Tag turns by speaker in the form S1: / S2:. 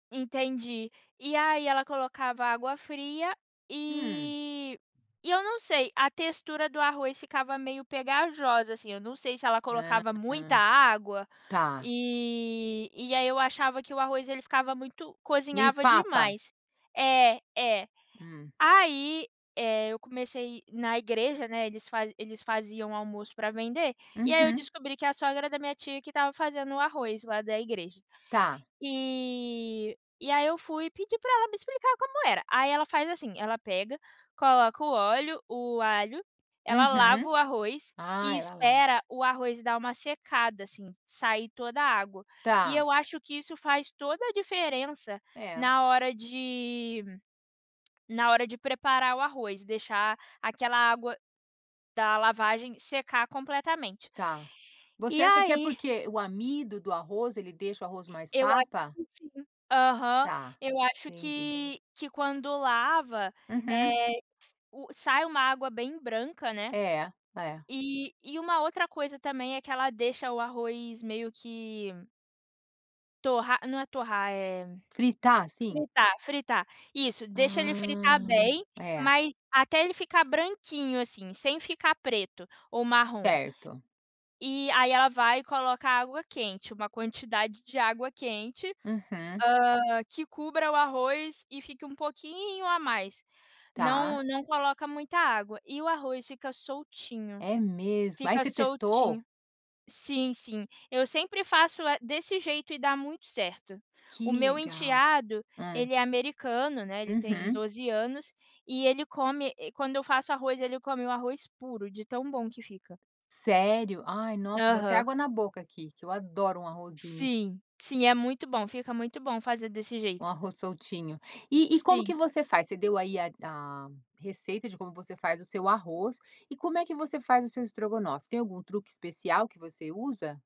S1: Entendi. E aí, ela colocava água fria,
S2: Hum.
S1: eh, e eu não sei, a textura do arroz ficava meio pegajosa, assim. Eu não sei se ela
S2: Ham,
S1: colocava muita água, eh,
S2: tá.
S1: e aí eu achava que o arroz ele ficava muito
S2: Meio
S1: cozinhava
S2: papa.
S1: demais. É, é.
S2: Hum.
S1: Aí, eh, eu comecei na igreja, né, eles fazem eles faziam o almoço pra vender. E aí, eu
S2: Uhum.
S1: descobri que é a sogra da minha tia que estava fazendo o arroz lá, da igreja.
S2: Tá.
S1: Eh, e aí eu fui e pedi pra ela me explicar como era. Aí, ela faz assim, ela pega, coloca o óleo, o alho, ela lava
S2: Uhum.
S1: o arroz
S2: Ah,
S1: e
S2: ela la.
S1: espera o arroz dar uma secada, assim, sair toda a água. E
S2: Tá.
S1: eu acho que isso faz toda a diferença
S2: É.
S1: na hora de na hora de preparar o arroz, deixar aquela água da lavagem secar completamente.
S2: Tá. Você
S1: E
S2: acha que é
S1: aí
S2: porque o amido do arroz, ele deixa o arroz mais
S1: eu acho
S2: papa?
S1: que sim. Aham,
S2: Tá,
S1: eu acho
S2: entendi.
S1: que que quando lava,
S2: Uhum.
S1: eh, sai uma água bem branca, né?
S2: É. É.
S1: E e uma outra coisa também é que ela deixa o arroz meio que torrar não é torrar, eh,
S2: Fritar, assim?
S1: fritar fritar. Isso, deixa ele fritar
S2: Ah!
S1: bem,
S2: É.
S1: mas até ele ficar branquinho, assim, sem ficar preto ou marrom.
S2: Certo.
S1: E aí, ela vai e coloca água quente, uma quantidade de água quente,
S2: Uhum.
S1: hã, que cubra o arroz e fica um pouquinho a mais.
S2: Tá.
S1: Não, não coloca muita água. E o arroz fica soltinho.
S2: É mesmo! Ai,
S1: Fica
S2: você testou?
S1: soltinho. Sim, sim, eu sempre faço, eh, desse jeito e dá muito certo. O
S2: Que
S1: meu
S2: legal!
S1: enteado,
S2: Hum.
S1: ele é americano, né, ele tem
S2: Uhum.
S1: 12 anos, e ele come, eh, quando eu faço arroz, ele come o arroz puro, de tão bom que fica.
S2: Sério? Ai, nossa, deu até
S1: Aham.
S2: água na boca aqui, que eu adoro um arrozinho.
S1: Sim, sim. É muito bom. Fica muito bom fazer desse
S2: Um
S1: jeito.
S2: arroz soltinho. E e como que
S1: Sim.
S2: você faz? Você deu aí da receita de como você faz o seu arroz, e como é que você faz o seu estrogonofe? Tem algum truque especial que você usa?